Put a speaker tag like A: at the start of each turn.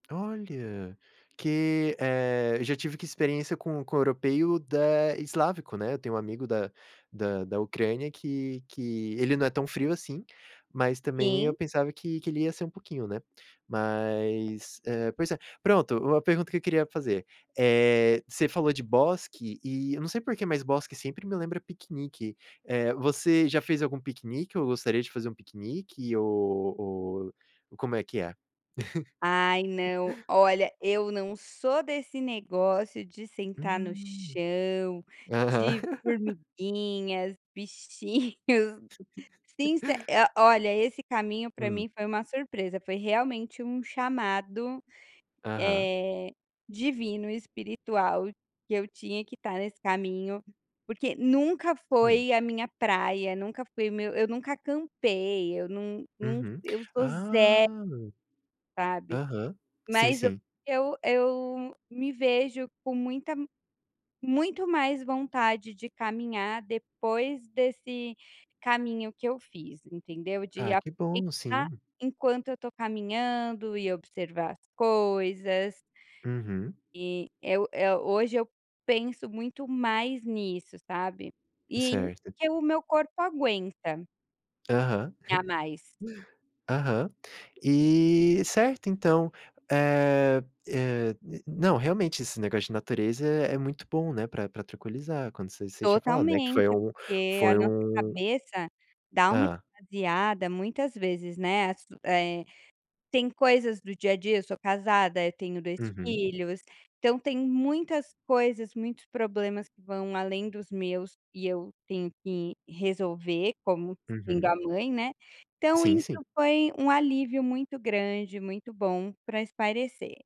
A: Olha, que, eh, eu já tive que experiência com com o europeu da eslávico, né, eu tenho um amigo da da da Ucrânia que que ele não é tão frio assim, mas, também, eu
B: Sim.
A: pensava que que ele ia ser um pouquinho, né. Mas, eh, pois é, pronto. Uma pergunta que eu queria fazer, eh, você falou de bosque, e eu não sei por que, mas bosque sempre me lembra piquenique, eh, você já fez algum piquenique ou gostaria de fazer um piquenique, ou ou como é que é?
B: Ai, não, olha, eu não sou desse negócio de sentar no
A: Hum,
B: chão,
A: aham.
B: de formiguinhas, bichinhos. Since eh, olha, esse caminho, pra
A: Hum.
B: mim, foi uma surpresa. Foi realmente um chamado,
A: Aham.
B: eh, divino e espiritual que eu tinha que estar nesse caminho, porque nunca
A: Hum.
B: foi a minha praia, nunca foi o meu eu nunca acampei, eu não não
A: Uhum,
B: eu sou ze
A: ah!
B: sabe,
A: Aham, sim,
B: mas eu
A: sim.
B: eu eu me vejo com muita muito mais vontade de caminhar depois desse caminho que eu fiz, entendeu. De
A: Ah que bom,
B: aproveitar
A: sim.
B: enquanto eu estou caminhando e observar as coisas
A: Uhum.
B: e eu eu hoje, eu penso muito mais nisso, sabe. E
A: Certo.
B: que o meu corpo aguenta
A: Aham.
B: dar mais.
A: Aham. E, certo, então, eh eh, não, realmente, esse negócio de natureza é é muito bom, né, pra pra tranquilizar, como você você tinha falado, não é que foi
B: Totalmente,
A: um
B: porque a
A: foi
B: nossa
A: um
B: cabeça dá uma
A: Hã.
B: esvaziada muitas vezes, né, assu eh, tem coisas do dia a dia, sou casada, eu tenho 2
A: Uhum.
B: filhos, então tem muitas coisas, muitos problemas que vão além dos meus e eu tenho que resolver como sendo
A: Uhum.
B: a mãe, né, então
A: Sim, sim.
B: isso foi um alívio muito grande, muito bom para espairecer.